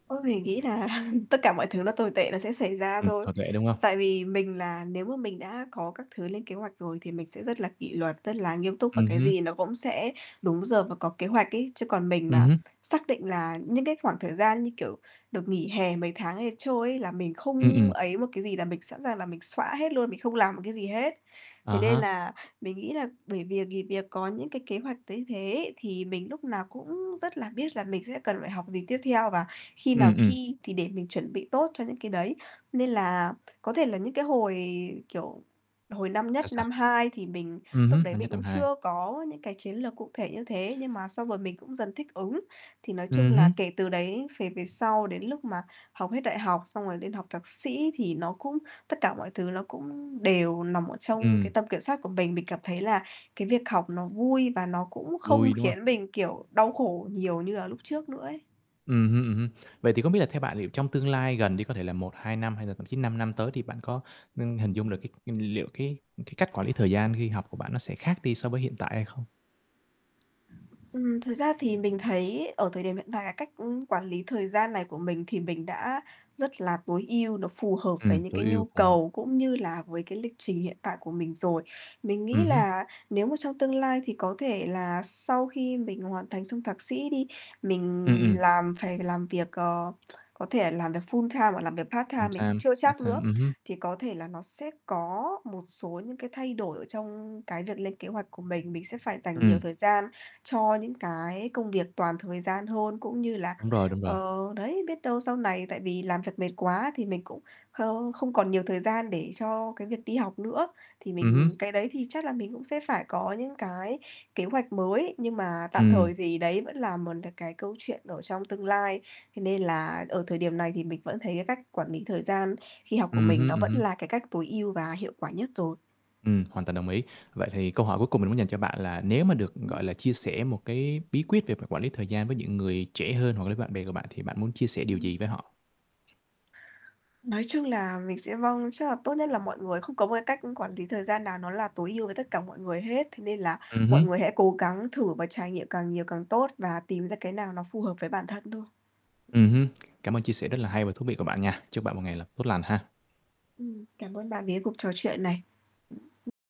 Ôi, mình nghĩ là tất cả mọi thứ nó tồi tệ nó sẽ xảy ra Ừm, thôi. hợp lệ, đúng không? Tại vì mình là nếu mà mình đã có các thứ lên kế hoạch rồi thì mình sẽ rất là kỷ luật, rất là nghiêm túc và Ừm cái hứm. gì nó cũng sẽ đúng giờ và có kế hoạch ấy. Chứ còn mình Ừm mà hứm. xác định là những cái khoảng thời gian như, kiểu, được nghỉ hè mấy tháng ấy trôi ấy, là mình Ừm, không ừm. ấy một cái gì, là mình sẵn sàng là mình xõa hết luôn, mình không làm một cái gì hết. À Thế nên há. là mình nghĩ là bởi vì nghỉ việc có những cái kế hoạch thấy thế, thì mình lúc nào cũng rất là biết là mình sẽ cần phải học gì tiếp theo và khi nào Ừm, ừm. thi, thì để mình chuẩn bị tốt cho những cái đấy. Nên là có thể là những cái hồi, kiểu, hồi năm Là nhất, sao? năm 2 thì mình Ừm lúc hứm, đấy năm mình nhất, năm cũng 2. chưa có những cái chiến lược cụ thể như thế, nhưng mà xong rồi mình cũng dần thích ứng. Thì nói chung Ừm là hứm. kể từ đấy về về sau, đến lúc mà học hết đại học xong rồi lên học thạc sĩ thì nó cũng tất cả mọi thứ nó cũng đều nằm ở trong Ừm. cái tầm kiểm soát của mình. Mình cảm thấy là cái việc học nó vui và nó cũng không Vui, đúng không? khiến mình, kiểu, đau khổ nhiều như là lúc trước nữa ấy. Ừm hưm, ừm hưm. Vậy thì không biết là theo bạn thì trong tương lai gần đi, có thể là 1, 2 năm hay là thậm chí 5 năm tới thì bạn có, ưm, hình dung được Ừm. cái liệu cái cái cách quản lý thời gian khi học của bạn nó sẽ khác đi so với hiện tại hay không? Ừm. Thực ra thì mình thấy ở thời điểm hiện tại là cách, ưm, quản lý thời gian này của mình thì mình đã rất là tối ưu, nó phù hợp Ừm, với những tối cái ưu, nhu phù hợp. cầu cũng như là với cái lịch trình hiện tại của mình rồi. Mình Ừm nghĩ hứm. là nếu mà trong tương lai thì có thể là sau khi mình hoàn thành xong thạc sĩ đi, mình Ừm, ừm. làm phải làm việc, ờ, có thể làm việc full-time hoặc làm việc part-time, mình cũng Full-time, chưa chắc part-time, nữa, ừm hưm. thì có thể là nó sẽ có một số những cái thay đổi ở trong cái việc lên kế hoạch của mình. Mình sẽ phải dành nhiều Ừm. thời gian cho những cái công việc toàn thời gian hơn, cũng như là Đúng rồi, đúng rồi. ờ, đấy, biết đâu sau này tại vì làm việc mệt quá thì mình cũng không không còn nhiều thời gian để cho cái việc đi học nữa, thì Ừm mình hứm. cái đấy thì chắc là mình cũng sẽ phải có những cái kế hoạch mới, nhưng mà tạm Ừm. thời thì đấy vẫn là một là cái câu chuyện ở trong tương lai. Thế nên là ở thời điểm này thì mình vẫn thấy cái cách quản lý thời gian khi học của Ừm mình hứm, nó ừm vẫn hứm. là cái cách tối ưu và hiệu quả nhất rồi. Ừm, hoàn toàn đồng ý. Vậy thì câu hỏi cuối cùng mình muốn dành cho bạn là nếu mà được, Ừm. gọi là, chia sẻ một cái bí quyết về quản lý việc thời gian với những người trẻ hơn hoặc là với bạn bè của bạn thì bạn muốn chia sẻ điều gì Ừm. với họ? Nói chung là mình sẽ, vâng chắc là tốt nhất là mọi người không có một cái cách quản lý thời gian nào nó là tối ưu với tất cả mọi người hết, thế nên là Ừm mọi người hứm. hãy cố gắng thử và trải nghiệm càng nhiều càng tốt và tìm ra cái nào nó phù hợp với bản thân thôi. Ừm hưm, cảm ơn chia sẻ rất là hay và thú vị của bạn nha. Chúc bạn một ngày là tốt lành ha. Ừm. Cảm ơn bạn vì cái cuộc trò chuyện này.